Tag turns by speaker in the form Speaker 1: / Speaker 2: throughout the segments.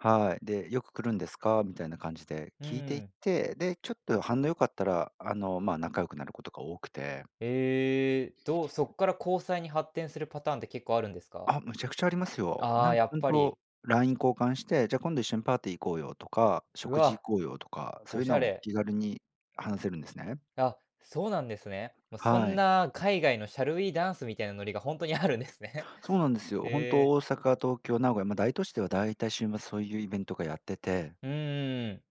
Speaker 1: はい、で、「よく来るんですか？」みたいな感じで
Speaker 2: う
Speaker 1: 聞いていっ
Speaker 2: ん。
Speaker 1: て、で、ちょっと反応良かったら、あの、ま、仲良くなることが多くて。
Speaker 2: ええ、どうそっから交際に発展するパターンって、結構あるんですか？
Speaker 1: あ、めちゃくちゃありますよ。
Speaker 2: あ
Speaker 1: な
Speaker 2: あ、
Speaker 1: ん
Speaker 2: や
Speaker 1: か
Speaker 2: っ
Speaker 1: ほん
Speaker 2: ぱり。
Speaker 1: と、LINE 交換して、「じゃあ今度一緒にパーティー行こうよ」とか
Speaker 2: う
Speaker 1: 「食事
Speaker 2: わ。
Speaker 1: 行こうよ」とか。そ
Speaker 2: お
Speaker 1: ういう
Speaker 2: し
Speaker 1: の
Speaker 2: ゃ
Speaker 1: も、
Speaker 2: れ。
Speaker 1: 気軽に話せるんですね。
Speaker 2: あ、そうなんですね。ま、そ
Speaker 1: は
Speaker 2: ん
Speaker 1: い。
Speaker 2: な海外の「Shall we ダンス？」みたいなノリが、ほんとにあるんですね。
Speaker 1: そうなんですよ。ほん
Speaker 2: へ
Speaker 1: と
Speaker 2: え。
Speaker 1: 大阪、東京、名古屋、ま、大都市では大体、週末そういうイベントがやってて。
Speaker 2: うーん。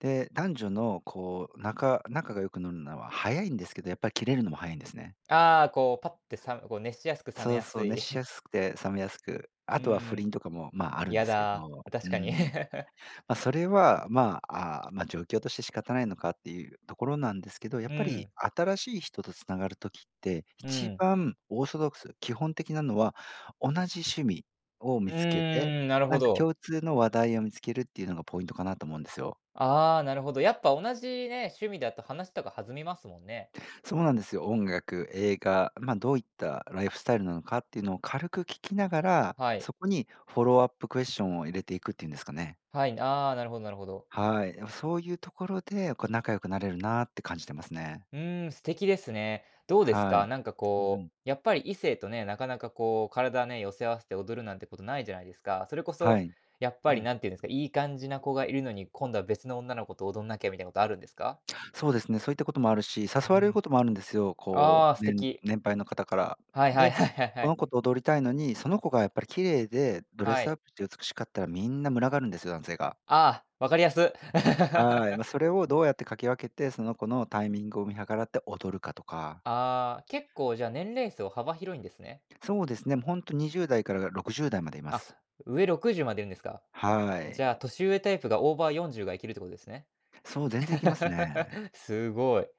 Speaker 1: で、男女のこう仲仲が良くなるのは早いんですけど、やっぱり切れるのも早いんですね。
Speaker 2: ああ、こうパッてさめこう熱しやすく冷め
Speaker 1: そう
Speaker 2: や
Speaker 1: そ
Speaker 2: す
Speaker 1: う。
Speaker 2: い。
Speaker 1: 熱し やすくて冷めやすく。
Speaker 2: う
Speaker 1: あとは不倫
Speaker 2: ん。
Speaker 1: とかもまあ、あるんで
Speaker 2: 嫌
Speaker 1: すけ
Speaker 2: だ、
Speaker 1: ど。うー
Speaker 2: 確かに。
Speaker 1: ん。ま、それは、まあ、ま、状況として仕方ないのか、っていうところなんですけど。やっ
Speaker 2: う
Speaker 1: ぱり
Speaker 2: ん。
Speaker 1: 新しい人と繋がる時って、
Speaker 2: う
Speaker 1: 一
Speaker 2: ん。
Speaker 1: 番オーソドックス、基本的なのは、同じ趣味を
Speaker 2: う
Speaker 1: 見つけて、
Speaker 2: ーん、なるほ
Speaker 1: なんか
Speaker 2: ど。
Speaker 1: 共通の話題を見つける、っていうのがポイントかなと思うんですよ。
Speaker 2: ああ、なるほど、やっぱ同じね、趣味だと話とか弾みますもんね。
Speaker 1: そうなんですよ。音楽、映画、ま、どういったライフスタイルなのかっていうのを、軽く聞きながら、
Speaker 2: はい。
Speaker 1: そこにフォローアップクエスチョンを入れていくっていうんですかね。
Speaker 2: はい、ああ、なるほどなるほど。
Speaker 1: はい。いや、そういうところで、こう仲良くなれるなって感じてますね。
Speaker 2: うーん、素敵ですね。どうです
Speaker 1: はい。
Speaker 2: か。なんか
Speaker 1: うう
Speaker 2: こ
Speaker 1: ん。
Speaker 2: う、やっぱり異性とね、なかなかこう体ね、寄せ合わせて踊るなんてこと、ないじゃないですか。それこ
Speaker 1: は
Speaker 2: そ、
Speaker 1: い。
Speaker 2: やっ
Speaker 1: う
Speaker 2: ぱり
Speaker 1: ん。
Speaker 2: なんていうんですか、いい感じな子がいるのに、今度は別の女の子と踊んなきゃ、みたいなことあるんですか？
Speaker 1: そうですね、そういったこともあるし、誘
Speaker 2: う
Speaker 1: われる
Speaker 2: ん。
Speaker 1: こともあるんですよ。こ
Speaker 2: ああ、素
Speaker 1: う、うん、
Speaker 2: 敵。
Speaker 1: 年配の方から。
Speaker 2: はいはい
Speaker 1: で、
Speaker 2: はいはいは
Speaker 1: この
Speaker 2: い。
Speaker 1: 子と踊りたいのに、その子がやっぱり綺麗で、ドレ
Speaker 2: は
Speaker 1: スアッ
Speaker 2: い。
Speaker 1: プして美しかったら、みんな群がるんですよ、男性が。
Speaker 2: ああ、分かりやす。
Speaker 1: はい、ま、それをどうやってかき分けて、その子のタイミングを見計らって踊るかとか。
Speaker 2: ああ、結構じゃあ年齢層、幅広いんですね。
Speaker 1: そうですね。もうほんと、20代から60代までいま
Speaker 2: あ、
Speaker 1: す。
Speaker 2: 上60までいるんですか。
Speaker 1: は
Speaker 2: じゃあ
Speaker 1: い。
Speaker 2: 年上タイプが、オーバー40がいけるってことですね。
Speaker 1: そう、全然いけますね。
Speaker 2: すごい。